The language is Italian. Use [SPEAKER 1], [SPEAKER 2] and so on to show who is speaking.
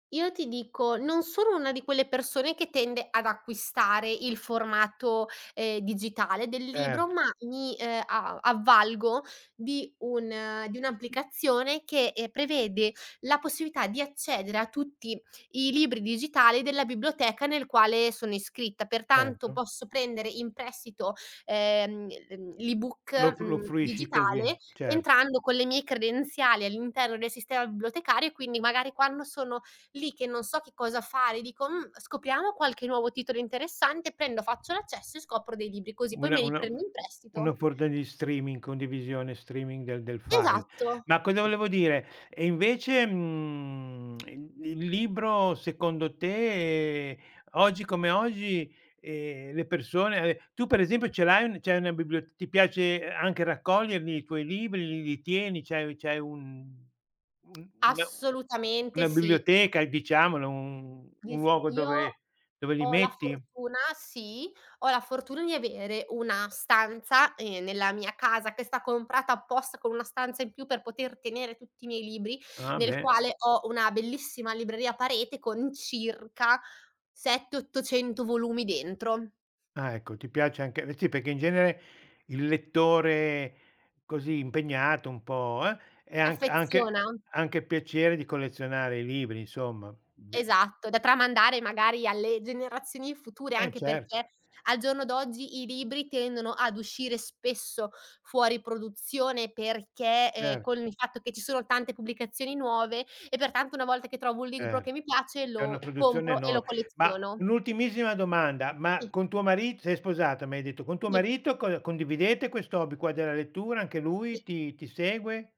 [SPEAKER 1] Io ti dico non sono una di quelle persone che tende ad acquistare il formato, ehm, digitale del libro,
[SPEAKER 2] Certo.
[SPEAKER 1] ma mi, ehm, a avvalgo di un di un'applicazione che, ehm, prevede la possibilità di accedere a tutti i libri digitale della biblioteca nel quale sono iscritta, pertanto
[SPEAKER 2] Certo.
[SPEAKER 1] posso prendere in prestito, ehm, l'e mhmm,
[SPEAKER 2] Lo
[SPEAKER 1] l'e-book,
[SPEAKER 2] fru lo
[SPEAKER 1] mhmm,
[SPEAKER 2] fruisci così,
[SPEAKER 1] digitale
[SPEAKER 2] certo.
[SPEAKER 1] entrando con le mie credenziali all'interno del sistema bibliotecario e quindi magari quando sono lì che non so che cosa fare e dico: "Mh, scopriamo qualche nuovo titolo interessante" prendo faccio l'accesso e scopro dei libri così poi
[SPEAKER 2] Una
[SPEAKER 1] me li
[SPEAKER 2] una u
[SPEAKER 1] prendo in
[SPEAKER 2] una
[SPEAKER 1] prestito.
[SPEAKER 2] forda di streaming, condivisione streaming del del file.
[SPEAKER 1] Esatto.
[SPEAKER 2] Ma cosa volevo dire? E invece, mhmm, i il libro secondo te, oggi come oggi, ehm, le persone e tu per esempio ce l'hai un c'hai una bibliot ti piace anche raccoglierli i tuoi libri, l li tieni, c'hai c'hai un un una
[SPEAKER 1] Assolutamente
[SPEAKER 2] una
[SPEAKER 1] sì. I
[SPEAKER 2] biblioteca diciamolo, un un
[SPEAKER 1] Vis
[SPEAKER 2] luogo
[SPEAKER 1] io
[SPEAKER 2] dove dove li
[SPEAKER 1] ho la
[SPEAKER 2] metti?
[SPEAKER 1] fortuna sì, ho la fortuna di avere una stanza, ehm, nella mia casa che sta comprata apposta con una stanza in più per poter tenere tutti i miei libri,
[SPEAKER 2] Ah,
[SPEAKER 1] nel
[SPEAKER 2] beh.
[SPEAKER 1] quale ho una bellissima libreria a parete con circa 7, 800 volumi dentro.
[SPEAKER 2] Ah, ecco, ti piace anche sì perché in genere il lettore così impegnato, un po' uh, è
[SPEAKER 1] Si
[SPEAKER 2] anch anche
[SPEAKER 1] affeziona.
[SPEAKER 2] anche piacere di collezionare i libri insomma, mhmm, be uhm
[SPEAKER 1] Esatto, da tramandare magari alle generazioni future
[SPEAKER 2] Eh,
[SPEAKER 1] anche
[SPEAKER 2] certo.
[SPEAKER 1] perché al giorno d'oggi i libri tendono ad uscire spesso fuori produzione perché, ehm, con
[SPEAKER 2] Certo.
[SPEAKER 1] il fatto che ci sono tante pubblicazioni nuove e pertanto una volta che trovo un libro
[SPEAKER 2] Cer
[SPEAKER 1] che mi piace
[SPEAKER 2] c'è una
[SPEAKER 1] lo
[SPEAKER 2] produzione
[SPEAKER 1] compro e lo
[SPEAKER 2] enor ma
[SPEAKER 1] colleziono.
[SPEAKER 2] un'ultimissima domanda, ma
[SPEAKER 1] Sì.
[SPEAKER 2] con tuo marit sei sposata, mi hai detto, con tuo
[SPEAKER 1] I
[SPEAKER 2] marito cond condividete questo hobby qua della lettura, anche
[SPEAKER 1] I
[SPEAKER 2] lui ti ti segue?